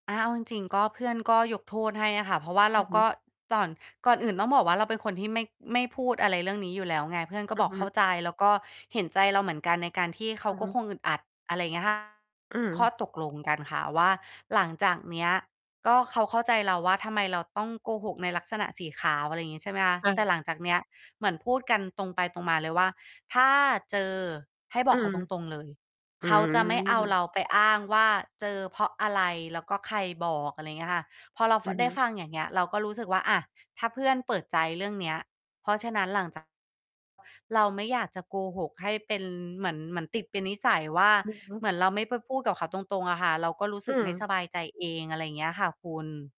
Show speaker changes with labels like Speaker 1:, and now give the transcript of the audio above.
Speaker 1: อา เอาจริง ๆ ก็ เพื่อนก็ยกโทษให้อะค่ะ เพราะว่า
Speaker 2: อ
Speaker 1: เร
Speaker 2: ื
Speaker 1: า
Speaker 2: อฮึ
Speaker 1: ก็ ต่อน ก่อนอื่นต้องบอกว่าเราเป็นคนที่ไม่ ไม่พูดอะไรเรื่องนี้อยู่แล้วไง เพื่อนก็
Speaker 2: อื
Speaker 1: บ
Speaker 2: อ
Speaker 1: อก
Speaker 2: ฮ
Speaker 1: เข้า
Speaker 2: ึ
Speaker 1: ใจ แล้วก็เห็นใจเราเหมือนกัน ในการที่เข
Speaker 2: อ
Speaker 1: า
Speaker 2: ือ
Speaker 1: ก
Speaker 2: ฮ
Speaker 1: ็
Speaker 2: ึ
Speaker 1: คงอึดอัด อะไรอย่าง เงี้ยค่ะ
Speaker 2: อื
Speaker 1: ข้อ
Speaker 2: อ
Speaker 1: ตกลงกันค่ะว่า หลังจากเนี้ย ก็เขาเข้าใจเราว่า ทำไมเราต้องโกหกในลักษณะสีขาว อะไรอย่างงี้ ใช่ไหมคะ
Speaker 2: ค่
Speaker 1: แต่
Speaker 2: ะ
Speaker 1: หลังจากเนี้ย เหมือนพูดกันตรงไปตรงมาเลยว่า "ถ้าเจอให้บ
Speaker 2: อื
Speaker 1: อกเข
Speaker 2: ม
Speaker 1: าตรง ๆ เลย
Speaker 2: อื
Speaker 1: เขาจะไม่เอาเร
Speaker 2: ม
Speaker 1: าไปอ้างว่า เจอเพราะอะไร? แล้วก็ใครบอก" อะไรอย่างเงี้ยค่ะ พอเรา
Speaker 2: อ
Speaker 1: ฟ
Speaker 2: ื
Speaker 1: ะ
Speaker 2: อ
Speaker 1: ได
Speaker 2: ฮ
Speaker 1: ้
Speaker 2: ึ
Speaker 1: ฟัง อย่างเงี้ย เราก็รู้สึกว่า อะ ถ้าเพื่อนเปิดใจเรื่องเนี้ย เพราะฉะนั้น หลังจาก เราไม่อยากจะโกหกให้เป็นเหมือน เหมือนติดเป็นนิสัยว่า
Speaker 2: อือฮึ
Speaker 1: เหมือนเราไม่ไปพูดกับเขาตรง ๆ อะค่ะ เราก็รู้
Speaker 2: อ
Speaker 1: ส
Speaker 2: ื
Speaker 1: ึกไม่
Speaker 2: ม
Speaker 1: สบายใจเอง อะไรอย่างเงี้ยค่ะคุณ